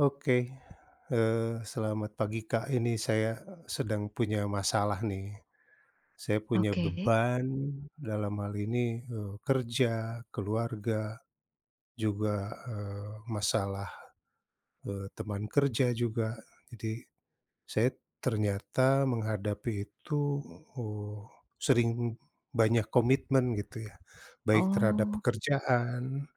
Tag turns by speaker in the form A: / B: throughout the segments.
A: Oke, eee, selamat pagi Kak ini saya, eee, sedang punya masalah nih. Saya punya
B: Oke.
A: beban dalam hal ini, eee, kerja, keluarga, juga, eee, masalah, eee, teman kerja juga jadi, saya ternyata menghadapi itu, uh, sering banyak komitmen gitu ya, baik terhadap
B: Oh.
A: pekerjaan,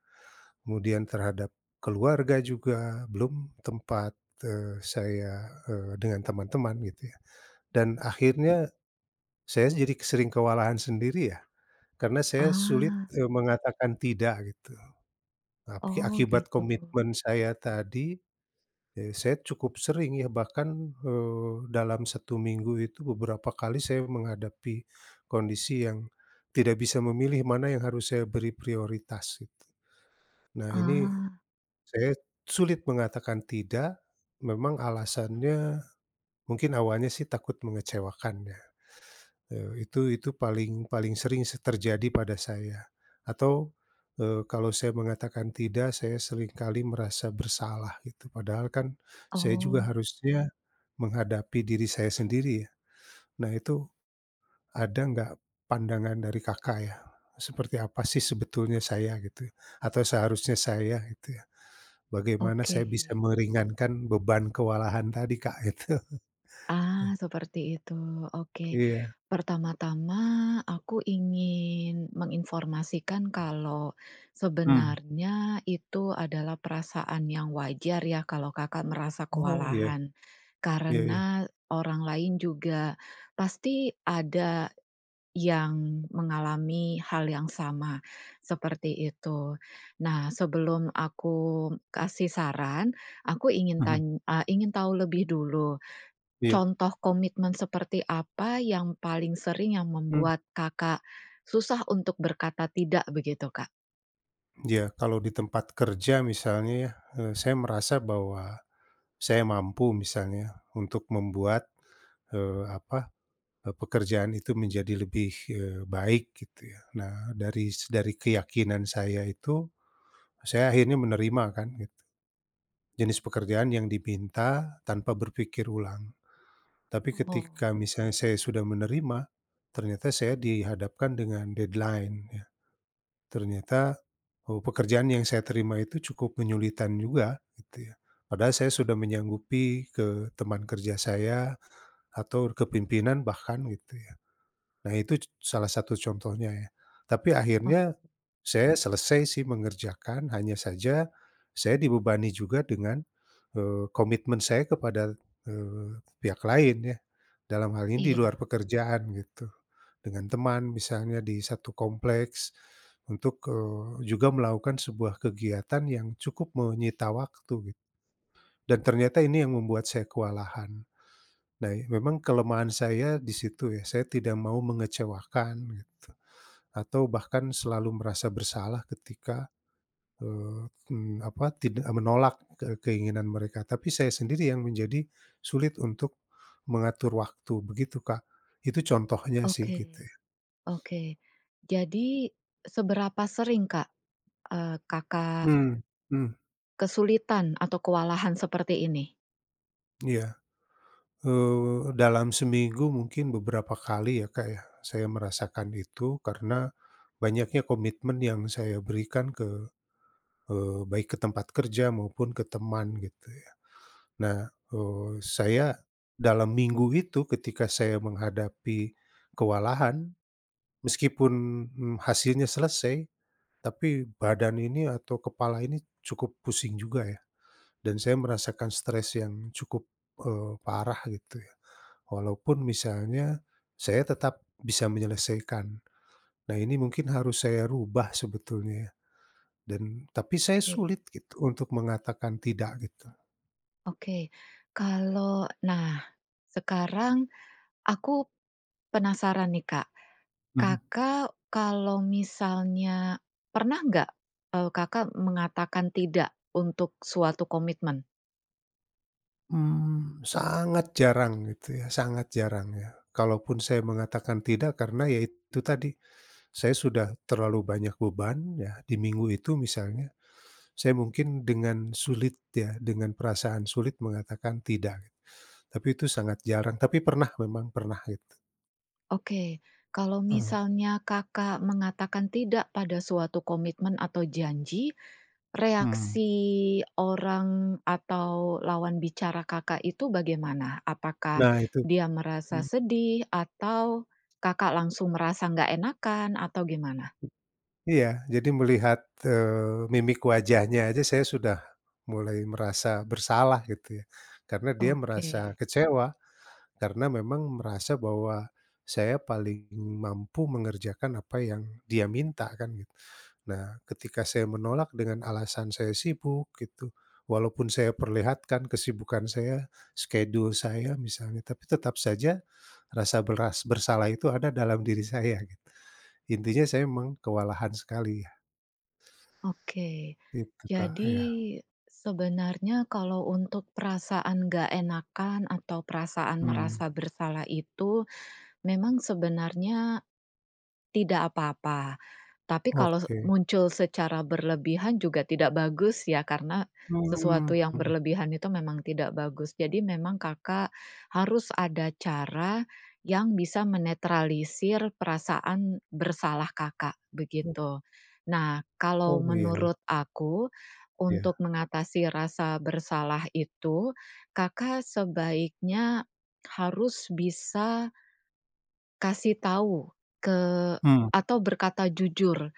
A: kemudian terhadap keluarga juga belum tempat, eee, saya, eee, dengan teman-teman gitu ya, dan akhirnya, saya jadi ke sering kewalahan sendiri ya, karena saya sulit,
B: Ah.
A: eee, mengatakan tidak gitu, tapi
B: Oh
A: akibat
B: gitu.
A: komitmen saya tadi, eee, saya cukup sering ya bahkan, eee, dalam 1 minggu itu beberapa kali saya menghadapi, kondisi yang, tidak bisa memilih mana yang harus saya beri prioritas gitu. Nah ini,
B: Ah.
A: saya sulit mengatakan tidak, memang alasannya, mungkin awalnya sih takut mengecewakan ya, eee, itu itu paling paling sering sih terjadi pada saya, atau, eee, kalau saya mengatakan tidak saya seringkali merasa bersalah gitu padahal kan saya juga
B: Oh.
A: harusnya, menghadapi diri saya sendiri ya, nah itu, ada nggak pandangan dari Kakak ya? Seperti apa sih sebetulnya saya gitu atau seharusnya saya gitu ya, bagaimana saya bisa
B: Oke.
A: meringankan beban kewalahan tadi Kak gitu.
B: Ah, seperti itu oke,
A: Iya.
B: pertama-tama aku ingin menginformasikan kalau,
A: Mmm.
B: sebenarnya itu adalah perasaan yang wajar ya kalau Kakak merasa
A: Oh iya,
B: kewalahan,
A: iya iya.
B: karena orang lain juga, pasti ada, yang mengalami hal yang sama, seperti itu. Nah sebelum aku kasih saran aku
A: Mhm.
B: tan eee, ingin tahu lebih dulu,
A: Iya.
B: contoh komitmen seperti apa yang paling sering yang
A: Mmm.
B: membuat Kakak, susah untuk berkata tidak? Begitu Kak.
A: Iya. Kalau di tempat kerja misalnya ya, eh, saya merasa bahwa saya mampu misalnya ya, untuk membuat, eee, apa, eee, pekerjaan itu menjadi lebih, eee, baik gitu ya. Nah, dari s dari keyakinan saya itu, a saya akhirnya menerima kan gitu, jenis pekerjaan yang dipinta tanpa berpikir ulang, tapi
B: Mbo.
A: ketika misalnya saya sudah menerima, ternyata saya dihadapkan dengan deadline ya. Ternyata bahwa pekerjaan yang saya terima itu cukup menyulitkan juga, gitu ya. Padahal saya sudah menyanggupi ke teman kerja saya atur ke pimpinan bahkan gitu ya. Nah, itu c salah satu contohnya ya, tapi
B: Oke.
A: akhirnya saya selesai sih mengerjakan, hanya saja saya dibebani juga dengan, eee, komitmen saya kepada, eee, pihak lain ya dalam hal ini di luar
B: Iya.
A: pekerjaan gitu. Dengan teman misalnya, di 1 kompleks untuk, eee juga melakukan sebuah kegiatan yang cukup menyita waktu gitu dan ternyata ini yang membuat saya kewalahan. Nah, i memang kelemahan saya disitu ya. Saya tidak mau mengecewakan gitu atau bahkan selalu merasa bersalah ketika, eee, mmm, apa, tidak menolak ke keinginan mereka, tapi saya sendiri yang menjadi sulit untuk mengatur waktu, begitu Kak. Itu contohnya sih gitu
B: Oke,
A: ya.
B: oke. Jadi, seberapa sering Kak, eee, Kakak
A: Mmm, hmm.
B: kesulitan atau kewalahan seperti ini?
A: Iya. Eee, dalam seminggu mungkin beberapa kali ya, Kak, ya saya merasakan itu karena banyaknya komitmen yang saya berikan ke, eee baik ke tempat kerja maupun ke teman gitu ya. Nah, eee, saya dalam minggu itu ketika saya menghadapi kewalahan meskipun, mmm, hasilnya selesai, tapi badan ini atau kepala ini cukup pusing juga ya, dan saya merasakan stres yang cukup, eee, parah gitu ya, walaupun misalnya, saya tetap bisa menyelesaikan. Nah, ini mungkin harus saya rubah sebetulnya ya dan tapi saya
B: Oke.
A: sulit gitu untuk mengatakan tidak gitu.
B: Oke. Kalau nah, sekarang aku penasaran nih Kak,
A: Hmm.
B: Kakak kalau misalnya pernah enggak, eee, Kakak mengatakan tidak untuk suatu komitmen?
A: Mmm, sangat jarang gitu ya, sangat jarang ya. Kalaupun, saya mengatakan tidak karena ya itu tadi, saya sudah terlalu banyak beban ya di minggu itu misalnya. Saya mungkin dengan sulit ya dengan perasaan sulit mengatakan tidak, tapi itu sangat jarang tapi pernah memang, pernah gitu.
B: Oke. Kalau
A: Heeh.
B: misalnya Kakak mengatakan tidak pada suatu komitmen atau janji,
A: Hmm.
B: reaksi orang atau lawan bicara Kakak itu bagaimana? Apakah
A: Nah itu
B: dia merasa
A: mmm.
B: sedih? Atau Kakak langsung merasa enggak enakan? Atau gimana?
A: Iya. Jadi melihat, eee, mimik wajahnya aja saya sudah mulai merasa bersalah gitu ya. Karena dia merasa
B: Oke.
A: kecewa, karena memang merasa bahwa saya paling mampu mengerjakan apa yang dia minta kan gitu. Nah, ketika saya menolak dengan alasan saya sibuk gitu, walaupun saya perlihatkan kesibukan saya skedul saya misalnya, tapi tetap saja rasa beras bersalah itu ada dalam diri saya gitu. Intinya saya memang kewalahan sekali ya.
B: Oke.
A: Gitu Kak,
B: Jadi
A: iya.
B: sebenarnya kalau untuk perasaan enggak enakan atau perasaan
A: Mmm.
B: merasa bersalah itu, memang sebenarnya tidak apa-apa, tapi kalau se
A: Oke.
B: muncul secara berlebihan juga tidak bagus ya karena
A: Mmm,
B: sesuatu yang
A: hmm.
B: berlebihan itu memang tidak bagus. Jadi, memang Kakak harus ada cara yang bisa menetralisir perasaan bersalah Kakak,
A: Oh.
B: begitu. Nah, kalau
A: Oh, iya iya.
B: menurut aku, untuk
A: Iya.
B: mengatasi rasa bersalah itu, Kakak sebaiknya harus bisa kasih tahu ke
A: Hmm.
B: atau berkata jujur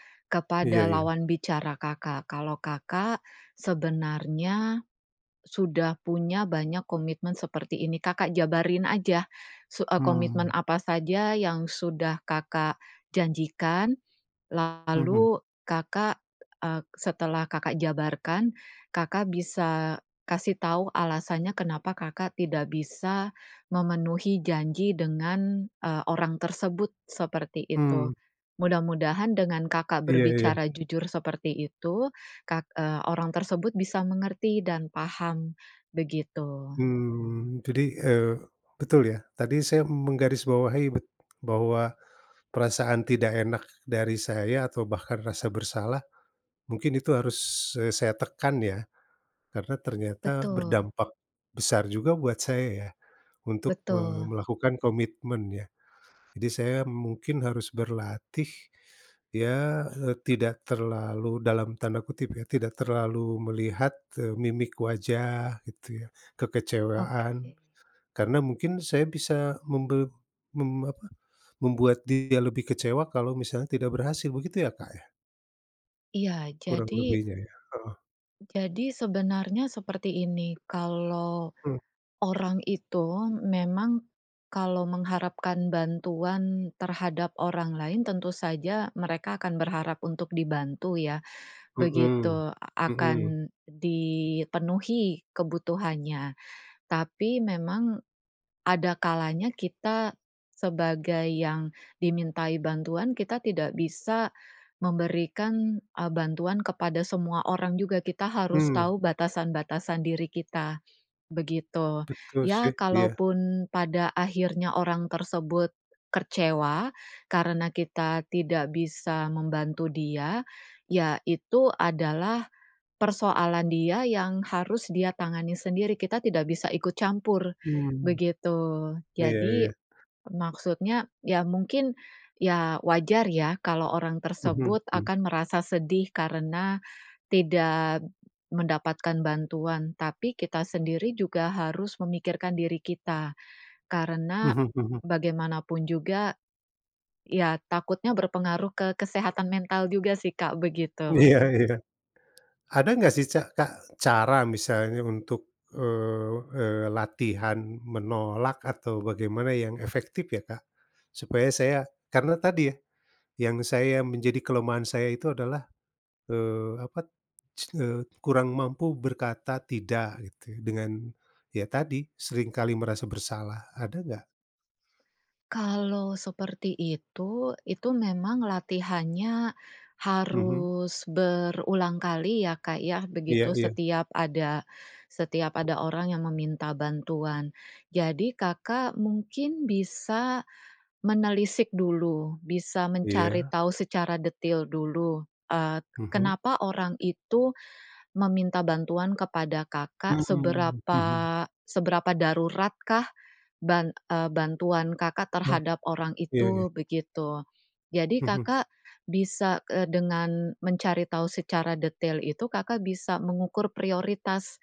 A: Iya
B: kepada
A: iya.
B: lawan bicara Kakak kalau Kakak sebenarnya sudah punya banyak komitmen seperti ini. Kakak jabarin aja su eee, komitmen
A: Mmm.
B: apa saja yang sudah Kakak janjikan.
A: Hmm.
B: Lalu Kakak, eee, setelah Kakak jabarkan, Kakak bisa kasih tahu alasannya kenapa Kakak tidak bisa memenuhi janji dengan, eee, orang, tersebut, seperti itu.
A: Mmm.
B: Mudah-mudahan dengan Kakak
A: Iya iya.
B: berbicara jujur seperti itu, kak eee, orang tersebut bisa mengerti dan paham, begitu.
A: Mmm. Jadi, eee, betul ya. Tadi saya menggaris bawahi bet bahwa perasaan tidak enak dari saya atau bahkan rasa bersalah, mungkin itu harus, eee, saya tekan, ya? Karena ternyata
B: Betul.
A: berdampak besar juga buat saya ya untuk, eee,
B: Betul.
A: melakukan komitmen ya. Jadi, saya mungkin harus berlatih. Ya, eee, tidak terlalu dalam tanda kutip ya, "tidak terlalu melihat," eee, "mimik wajah" gitu ya,
B: Oke.
A: kekecewaan. Karena mungkin saya bisa membel mem apa, membuat dia lebih kecewa kalau misalnya tidak berhasil begitu ya, Kak, ya?
B: Iya,
A: Kurang
B: jadi
A: lebihnya ya heeh.
B: Jadi sebenarnya seperti ini, kalau
A: Hmm.
B: orang itu memang, kalau mengharapkan bantuan terhadap orang lain tentu saja mereka akan berharap untuk dibantu ya,
A: Hmm,
B: begitu a
A: hmm.
B: akan dipenuhi kebutuhannya, tapi memang ada kalanya kita sebagai yang dimintai bantuan, kita tidak bisa memberikan, eee, bantuan kepada semua orang juga. Kita harus
A: Mmm.
B: tahu batasan-batasan diri kita, begitu.
A: Betul
B: Iya
A: sih, iya.
B: kalaupun pada akhirnya orang tersebut kecewa karena kita tidak bisa membantu dia, iya itu adalah persoalan dia yang harus dia tangani sendiri, kita tidak bisa ikut campur,
A: Mmm.
B: begitu.
A: Iya
B: Jadi
A: iya.
B: maksudnya ya mungkin, ya wajar ya kalau orang
A: Hmm
B: tersebut
A: hmm.
B: akan merasa sedih karena tidak mendapatkan bantuan, tapi kita sendiri juga harus memikirkan diri kita karena
A: Mhm mhm.
B: bagaimanapun juga iya takutnya berpengaruh ke kesehatan mental juga sih Kak, begitu.
A: Iya iya. Ada enggak sih ca Kak, cara misalnya untuk, eee eee, latihan menolak atau bagaimana yang efektif ya, Kak? Supaya saya karena tadi ya, yang saya menjadi kelemahan saya itu adalah, eee, apa t s eee, kurang mampu berkata tidak gitu ya dengan ya tadi, seringkali merasa bersalah, ada enggak?
B: Kalau seperti itu, itu memang latihannya
A: Mhm.
B: harus berulang kali ya, Kak, ya,
A: Iya
B: begitu.
A: iya.
B: Setiap ada setiap ada orang yang meminta bantuan. Jadi, Kakak mungkin bisa menelisik dulu, bisa mencari
A: Iya.
B: tahu secara detil dulu, eee,
A: Mhm.
B: kenapa orang itu meminta bantuan kepada Kakak,
A: Mmm,
B: seberapa
A: hmm.
B: seberapa daruratkah ban eee, bantuan Kakak
A: Oh,
B: terhadap orang
A: iya
B: itu,
A: iya.
B: begitu. Jadi,
A: Mhm.
B: Kakak bisa eee, dengan mencari tahu secara detail itu, Kakak bisa mengukur prioritas,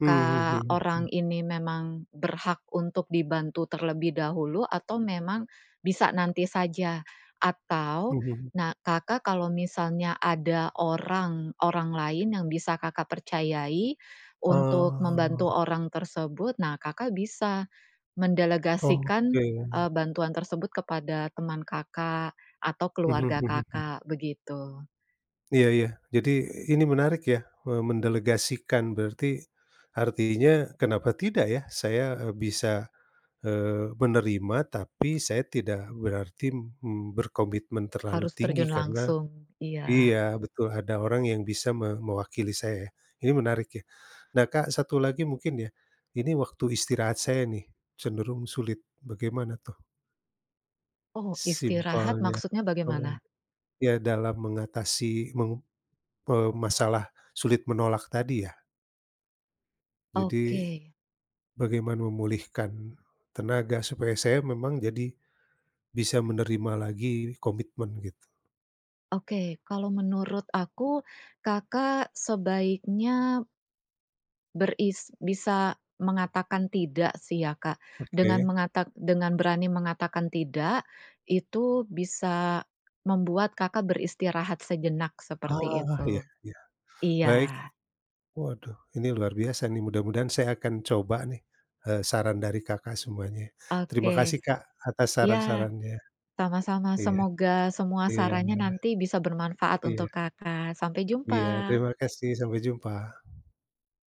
A: Mmm, hmm.
B: orang ini memang berhak untuk dibantu terlebih dahulu atau memang bisa nanti saja atau
A: Hmm.
B: nah, Kakak kalau misalnya ada orang orang lain yang bisa Kakak percayai untuk membantu
A: Oh.
B: orang tersebut, nah Kakak bisa mendelegasikan,
A: Oke.
B: eee, bantuan tersebut kepada teman Kakak atau
A: Mhm
B: keluarga
A: mhm mhm.
B: Kakak, begitu.
A: Iya iya. Jadi ini menarik ya, me mendelegasikan berarti artinya kenapa tidak ya. Saya, eee, bisa, eee, menerima, tapi saya tidak berarti, mmm, berkomitmen terlalu
B: Harus
A: tinggi
B: terjun
A: karena
B: langsung. Iya.
A: iya betul. Ada orang yang bisa me mewakili saya ya, ini menarik ya. Nah, Kak, satu lagi mungkin ya, ini waktu istirahat saya nih, cenderung sulit, bagaimana tuh?
B: Oh, istirahat
A: Simpelnya,
B: maksudnya
A: oh,
B: bagaimana?
A: iya dalam mengatasi meng eee, masalah sulit menolak tadi ya. Jadi,
B: Oke.
A: bagaimana memulihkan tenaga? Supaya saya memang jadi, bisa menerima lagi komitmen gitu.
B: Oke, kalau menurut aku, Kakak sebaiknya beris bisa mengatakan tidak sih ya, Kak, dengan
A: Oke.
B: mengatak dengan berani mengatakan tidak, itu bisa membuat Kakak beristirahat sejenak, seperti
A: Ah, iya
B: itu.
A: iya. Baik.
B: Iya.
A: Waduh, ini luar biasa nih, mudah-mudahan saya akan coba nih, eee, saran dari Kakak semuanya. Terima
B: Oke.
A: kasih Kak atas
B: Iya.
A: saran-sarannya.
B: Sama-sama.
A: Iya,
B: Semoga semua
A: iya,
B: sarannya
A: Mbak.
B: nanti bisa bermanfaat untuk
A: Iya.
B: Kakak. Sampai jumpa.
A: Iya. Terima kasih. Sampai jumpa.